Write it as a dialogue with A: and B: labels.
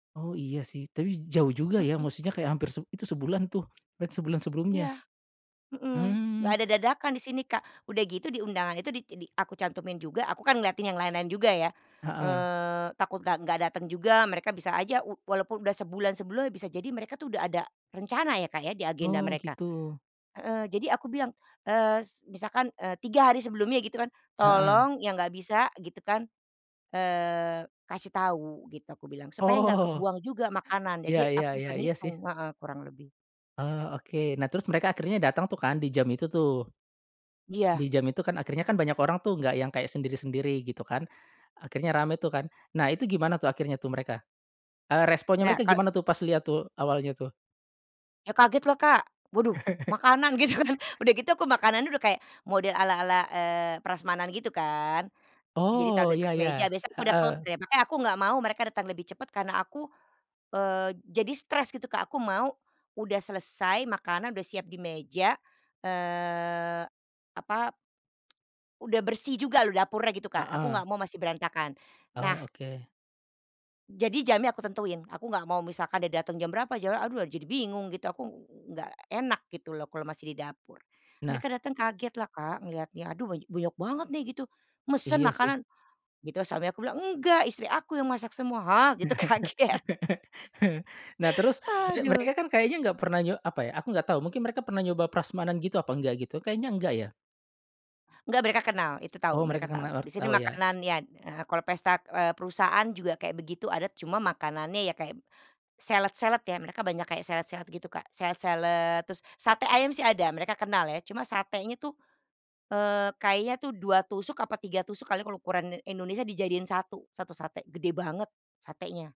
A: Oh iya sih, tapi jauh juga ya,
B: Heeh.
A: maksudnya kayak hampir seb itu sebulan tuh, lan sebulan sebelumnya.
B: Iya, mhm. Nggak
A: Mmm.
B: ada dadakan di sini, Kak. Udah gitu di undangan itu, di tidi aku cantumin juga, aku kan ngeliatin yang lain-lain juga ya,
A: Heeh.
B: eee, takut nggak nggak datang juga, mereka bisa aja u walaupun udah sebulan sebelumnya, bisa jadi mereka tuh udah ada rencana ya, Kak, ya, di agenda
A: Oh,
B: mereka.
A: gitu.
B: Heeh, jadi aku bilang, eee, s misalkan, eee, 3 hari sebelumnya, gitu kan,
A: Heeh.
B: "Tolong yang nggak bisa," gitu kan, eee, "kasih tahu." gitu aku bilang, supaya nggak
A: Oh.
B: kebuang juga makanan,
A: Iya
B: jadi
A: iya
B: aku
A: iya,
B: bisa
A: iya sih.
B: ngitung heeh, kurang lebih.
A: Oh oke. Nah, terus mereka akhirnya datang tuh kan di jam itu tuh.
B: Iya.
A: Di jam itu kan akhirnya banyak orang tuh, nggak yang kayak sendiri-sendiri gitu kan, akhirnya rame tuh kan. Nah itu gimana tuh, akhirnya tuh mereka, eee, responnya
B: Ya
A: mereka
B: kalo
A: gimana tuh pas liat tuh, awalnya tuh?
B: Ya kaget, lah Kak, waduh makanan gitu kan. Udah gitu aku makanannya udah kayak model ala-ala, eee, prasmanan gitu kan. Jadi taruh
A: Oh,
B: di
A: iya
B: atas
A: iya.
B: meja, biasanya aku udah tahu
A: Heeh.
B: tuh, makanya aku nggak mau mereka datang lebih cepat, karena aku, eee, jadi stres gitu, Kak, aku mau udah selesai makanan, udah siap di meja. Eee, apa, udah bersih juga loh dapurnya gitu Kak, aku
A: Heeh.
B: nggak mau masih berantakan. Nah
A: Oh, oke.
B: jadi jamnya aku tentuin, aku nggak mau misalkan dia datang jam berapa, jawabnya aduh jadi bingung gitu, aku ng ng nggak enak gitu loh, kalau masih di dapur.
A: Nah
B: Mereka datang kaget lah, Kak, ngelihatnya, "Aduh banya banyak banget nih gitu, mesen
A: Iya sih.
B: makanan?" gitu, suami aku bilang, "Enggak, istri aku yang masak semua." gitu, "Hah?" gitu kaget.
A: Nah, terus, merek
B: Aduh.
A: mereka kan kayaknya nggak pernah nyo apa ya, aku nggak tau, mungkin mereka pernah nyoba prasmanan gitu apa nggak, gitu? Kayaknya nggak ya?
B: Nggak mereka kenal, itu tahu,
A: Oh mereka
B: mereka tahu.
A: kena or
B: Di sini
A: tau ya?
B: makanannya d eee, kalau pesta d eee, perusahaan juga kayak begitu adat, cuma makanannya kayak salad-salad ya, mereka banyak kayak salad-salad gitu Kak, salad-salad, terus sate ayam sih ada, mereka kenal ya, cuma satenya tuh, eee, kayaknya tuh 2 tusuk, apa 3 tusuk kali ya, kalau ukuran Indonesia, dijadiin satu, 1 sate, gede banget satenya.